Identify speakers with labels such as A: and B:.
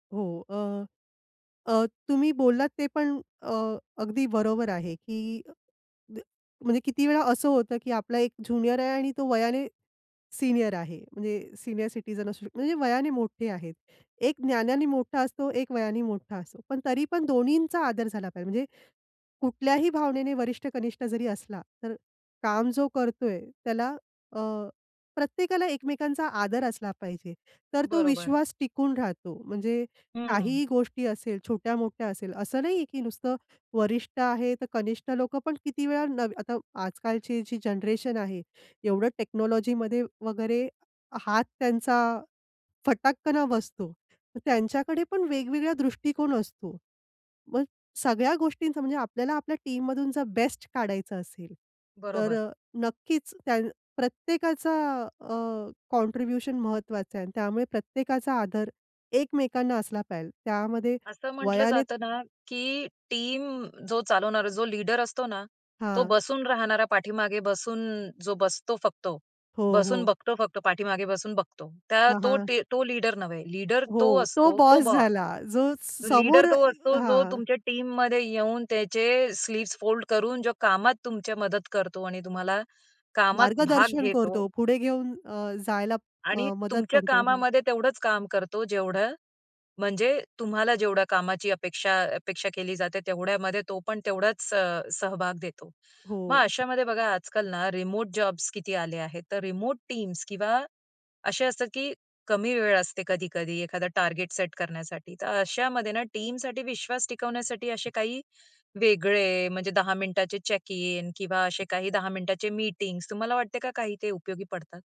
A: हो, अ, अ, तुम्ही बोललात ते पण अ, अगदी बरोबर आहे, की द म्हणजे किती वेळा असं होतं, की आपला एक ज्युनियर आहे आणि तो वयाने सीनियर आहे म्हणजे सीनियर सिटीझन असू शकतो. म्हणजे वयाने मोठे आहेत. एक ज्ञानाने मोठा असतो, एक वयाने मोठा असतो. पण तरी पण दोन्हींचा आदर झाला पाहिजे. म्हणजे कुठल्याही भावनेने वरिष्ठ-कनिष्ठ जरी असला, तर काम जो करतोय त्याला अ, प्रत्येकाला एकमेकांचा आदर असला पाहिजे. तर तो
B: बरोबर.
A: विश्वास टिकून राहतो म्हणजे
B: हं.
A: काहीही गोष्टी असेल, छोट्या-मोठ्या असेल असं नाहीये, की नुसतं वरिष्ठ आहे तर कनिष्ठ लोकं पण किती वेळा न आता आजकालची जी जनरेशन आहे. एवढं टेक्नॉलॉजीमध्ये वगैरे हात त्यांचा फटाककना बसतो. त्यांच्याकडे पण वेगवेगळा दृष्टिकोन असतो. मग सगळ्या गोष्टींचा म्हणजे आपल्याला आपल्या टीममधून जर बेस्ट काढायचं असेल, तर
B: बरोबर.
A: अ, नक्कीच त्यान प्रत्येकाचा अ, कॉन्ट्रिब्युशन महत्त्वाचा आहे आणि त्यामुळे प्रत्येकाचा आदर एकमेकांना असला पाहिजे. त्यामध्ये
B: असं म्हटलं
A: वयाने
B: जातं ना, की टीम जो चालवणारा जो लीडर असतो ना, तो
A: हां.
B: बसून राहणारा, पाठीमागे बसून जो बसतो फक्त.
A: हो,
B: बसून
A: हो.
B: बघतो फक्त, पाठीमागे बसून बघतो. त्या
A: हां,
B: तो
A: हां.
B: टी तो लीडर नव्हे, लीडर तो
A: हो, तो
B: असतो तो
A: बॉस
B: बॉस.
A: झाला जो समोर
B: लीडर
A: अ
B: तो असतो जो
A: हां.
B: तुमच्या टीममध्ये येऊन त्याचे स्लीव्स फोल्ड करून जो कामात तुमची मदत करतो आणि तुम्हाला कामात भाग
A: मार्गदर्शन
B: घेतो
A: करतो. पुढे घेऊन अ, जायला
B: आणि
A: अ, मदत
B: तुमच्या
A: करतो. हं.
B: कामामध्ये तेवढंच काम करतो जेवढं म्हणजे तुम्हाला जेवढ्या कामाची अपेक्षा अपेक्षा केली जाते तेवढ्यामध्ये तो पण तेवढाच अ, सहभाग देतो. मग
A: हो.
B: अशामध्ये बघा आजकाल ना रिमोट जॉब्स किती आले आहेत, तर रिमोट टीम्स किंवा असे असतात की कमी वेळ असते कधी-कधी एखादा टार्गेट सेट करण्यासाठी. तर अशामध्ये ना टीमसाठी विश्वास टिकवण्यासाठी असे काही वेगळे म्हणजे 10 मिनिटाचे चेक इन किंवा असे काही 10 मिनिटाचे मीटिंग्ज तुम्हाला वाटते का काही ते उपयोगी पडतात?